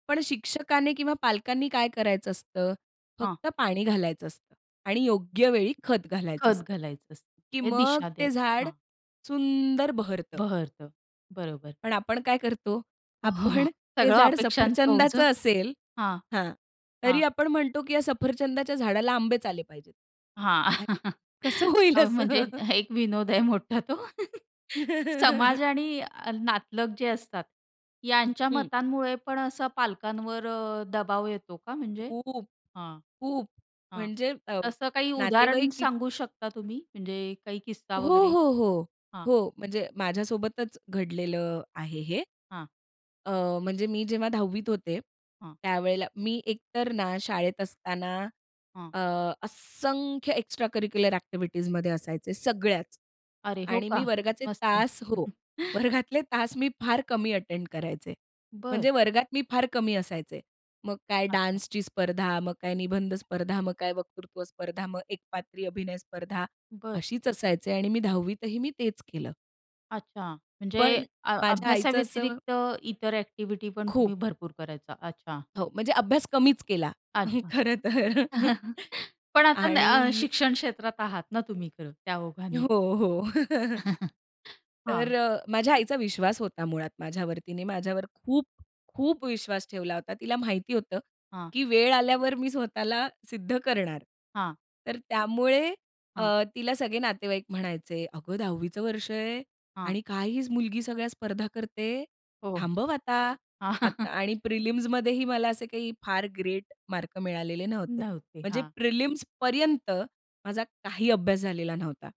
पण शिक्षकाने किंवा पालकांनी काय करायचं असतं? हां. फक्त पाणी घालायचं असतं आणि योग्य वेळी खत घालायचं खत असतं. घालायचं असतं. की ते मग दिशा ते द्यायची. झाड हां. सुंदर बहरतं. बहरतं, बरोबर. पण आपण काय करतो? आपण ते सगळं झाड अपेक्षांचं ओझं. सफरचंदाचं असेल हां. हां, हां. तरी आपण म्हणतो की या सफरचंदाच्या झाडाला आंबेच आले पाहिजेत. हां. अरे! कसं होईल अ, असं? म्हणजे एक विनोद आहे मोठा तो. समाज आणि नातलग जे असतात, यांच्या हं. मतांमुळे पण असा पालकांवर अ, दबाव येतो का म्हणजे? खूप, हां. खूप हां. म्हणजे अ, तसं काही उदाहरण नातेवाईक किती सांगू शकता तुम्ही म्हणजे काही किस्सा हो, वगैरे? हो, हो, हां. हो. म्हणजे माझ्यासोबतच घडलेलं आहे हे. हां. अ, म्हणजे मी जेव्हा 10 होते हां. त्यावेळेला मी एकतर ना शाळेत असताना हां. अ, असंख्य एक्स्ट्राकरिक्युलर एक्टिव्हिटीजमध्ये असायचे. सगळ्याच. अरे! हो आणि का? मी वर्गाचे मस्त. तास हो, वर्गातले तास मी फार कमी अटेंड करायचे. बरं. म्हणजे वर्गात मी फार कमी असायचे. मग काय अच्छा. डान्सची स्पर्धा, मग काय निबंध स्पर्धा, मग काय वक्तृत्व स्पर्धा, मग एकपात्री अभिनय स्पर्धा. बरं. अशीच असायचे आणि मी 10 ही मी तेच केलं. अच्छा, म्हणजे पण अ माझ्या आईचं असं अभ्यासाव्यतिरिक्त इतर एक्टिव्हिटी पण खूप. तुम्ही भरपूर करायचा. अच्छा. हो म्हणजे अभ्यास कमीच केला. अच्छा. खरं तर. पण आता आणि अ, शिक्षण क्षेत्रात आहात ना तुम्ही. खरं त्या ओघाने. हो, हो. तर हां. माझ्या आईचा विश्वास होता मुळात माझ्यावर. तिने माझ्यावर खूप, खूप विश्वास ठेवला होता. तिला माहिती होतं हां. की वेळ आल्यावर मी स्वतःला सिद्ध करणार. हां. तर त्यामुळे अ, हां. तिला सगळे नातेवाईक म्हणायचे, "अगं, 10चं चं वर्ष आहे हां. आणि काय ही मुलगी सगळ्या स्पर्धा करते. हो. थांबव आता." आणि प्रिलिम्समध्येही मला असे काही फार ग्रेट मार्क मिळालेले नव्हते. नव्हते. म्हणजे हां. प्रिलिम्सपर्यंत माझा काही अभ्यास झालेला नव्हता.